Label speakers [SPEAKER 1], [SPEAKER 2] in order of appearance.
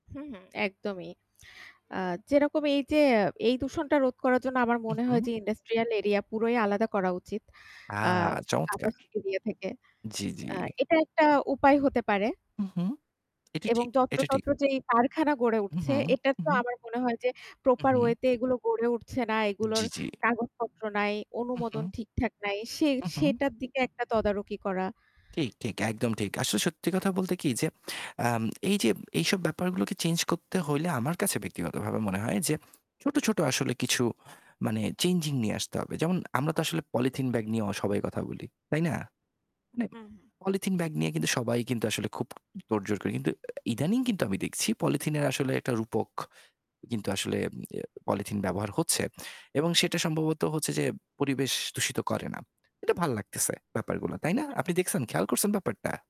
[SPEAKER 1] হুম। একদমই। আ যেরকম এইযে এই দূষণটা রোধ করার জন্য আমার
[SPEAKER 2] হু,
[SPEAKER 1] মনে হয়
[SPEAKER 2] হু।
[SPEAKER 1] যে ইন্ডাস্ট্রিয়াল এরিয়া পুরোই আলাদা করা উচিত।
[SPEAKER 2] আ
[SPEAKER 1] আ
[SPEAKER 2] চমৎকার।
[SPEAKER 1] আদার্স এরিয়া থেকে।
[SPEAKER 2] জ্বি, জ্বি।
[SPEAKER 1] এটা একটা উপায় হতে পারে।
[SPEAKER 2] হুম। এটা ঠিক, এটা ঠিক।
[SPEAKER 1] যত্রতত্র যেই কারখানা গড়ে
[SPEAKER 2] হু,
[SPEAKER 1] উঠছে
[SPEAKER 2] হু।
[SPEAKER 1] এটা তো
[SPEAKER 2] উহুম।
[SPEAKER 1] আমার মনে হয় যে
[SPEAKER 2] হু,
[SPEAKER 1] প্রপার
[SPEAKER 2] হু।
[SPEAKER 1] ওয়েতে এগুলো গড়ে উঠছে না, এগুলোর
[SPEAKER 2] জি, জি।
[SPEAKER 1] কাগজপত্র নাই,
[SPEAKER 2] হুম,
[SPEAKER 1] অনুমোদন
[SPEAKER 2] হুম,
[SPEAKER 1] ঠিকঠাক নাই, সে
[SPEAKER 2] হু, হু।
[SPEAKER 1] সেটার দিকে একটা তদারকি করা।
[SPEAKER 2] ঠিক, ঠিক। একদম ঠিক। আসলে সত্যি কথা বলতে কি যে, আ এইযে এইসব ব্যাপারগুলোকে চেঞ্জ করতে হলে আমার কাছে ব্যক্তিগতভাবে মনে হয় যে ছোট, ছোট আসলে কিছু মানে চেঞ্জিং নিয়ে আসতে হবে। যেমন আমরা তো আসলে পলিথিন ব্যাগ নিয়ে সবাই কথা বলি, তাই না? মানে
[SPEAKER 1] হু, হুম।
[SPEAKER 2] পলিথিন ব্যাগ নিয়ে সবাই আসলে খুব তোড়জোড় করে। ইদানিং কিন্তু আমি দেখছি, পলিথিনের আসলে একটা রূপক কিন্তু আসলে পলিথিন ব্যবহার হচ্ছে। এবং সেটা সম্ভবত হচ্ছে যে পরিবেশ দূষিত করে না। এটা ভালো লাগতেছে ব্যাপারগুলো। তাই না? আপনি দেখছেন খেয়াল করছেন ব্যাপারটা।